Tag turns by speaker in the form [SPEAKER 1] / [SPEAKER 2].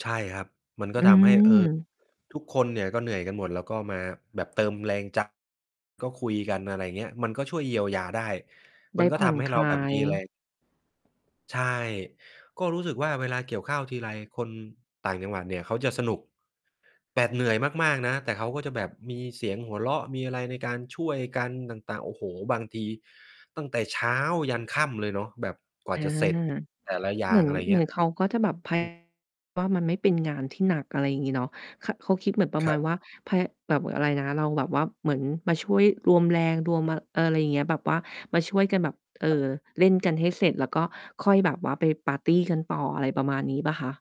[SPEAKER 1] ใช่ครับ มันก็
[SPEAKER 2] อื
[SPEAKER 1] ทำให้ เอ่อ
[SPEAKER 2] ม
[SPEAKER 1] ทุกคนเนี่ยก็เหนื่อยกันหมด แล้วก็มาแบบเติมแรง ใจ ก็คุยกัน อะไรเงี้ย มันก็ช่วยเยียวยาได้
[SPEAKER 2] ไ
[SPEAKER 1] ม
[SPEAKER 2] ด
[SPEAKER 1] ั
[SPEAKER 2] ้
[SPEAKER 1] นก็
[SPEAKER 2] ผ
[SPEAKER 1] ท
[SPEAKER 2] ่อน
[SPEAKER 1] ำให้
[SPEAKER 2] ค
[SPEAKER 1] เรา
[SPEAKER 2] ล
[SPEAKER 1] แบ
[SPEAKER 2] า
[SPEAKER 1] บม
[SPEAKER 2] ย
[SPEAKER 1] ีแรง ใช่ ก็รู้สึกว่าเวลาเกี่ยวข้าวทีไร คนต่างจังหวัดเนี่ยเขาจะสนุก แบบเหนื่อยมาก ๆ นะ แต่เขาก็จะแบบมีเสียงหัวเราะ มีอะไรในการช่วยกันต่าง ๆ โอ้โฮ! บางทีตั้งแต่เช้ายันค่ำเลยเนาะแบบกว่
[SPEAKER 2] อ
[SPEAKER 1] า
[SPEAKER 2] า
[SPEAKER 1] จะเสร็จแต่ละอย
[SPEAKER 2] เ
[SPEAKER 1] ่
[SPEAKER 2] หม
[SPEAKER 1] า
[SPEAKER 2] ื
[SPEAKER 1] ง
[SPEAKER 2] อน
[SPEAKER 1] อะไร
[SPEAKER 2] เห
[SPEAKER 1] เ
[SPEAKER 2] ม
[SPEAKER 1] งี
[SPEAKER 2] ื
[SPEAKER 1] ้
[SPEAKER 2] อ
[SPEAKER 1] ย
[SPEAKER 2] นเขาก็จะแบบ พ
[SPEAKER 1] อืม
[SPEAKER 2] ว่า มันไม่เป็นงานที่หนัก อะไรอย่างงี้เนาะ ข เขาคิดเหมือนประ
[SPEAKER 1] ค
[SPEAKER 2] ม
[SPEAKER 1] ร
[SPEAKER 2] า
[SPEAKER 1] ั
[SPEAKER 2] ณ
[SPEAKER 1] บ
[SPEAKER 2] ว่า พ แบบอะไรนะ เราแบบว่าเหมือนมาช่วยรวมแรงรวม อะ อะไรอย่างเงี้ย แบบว่ามาช่วยกันแบบ เอ่
[SPEAKER 1] ครับ
[SPEAKER 2] อ เล่นกันให้เสร็จ แล้วก็ค่อยแบบว่าไปปาร์ตีกันต่อ อะไรประมาณนี้เปล่าคะ?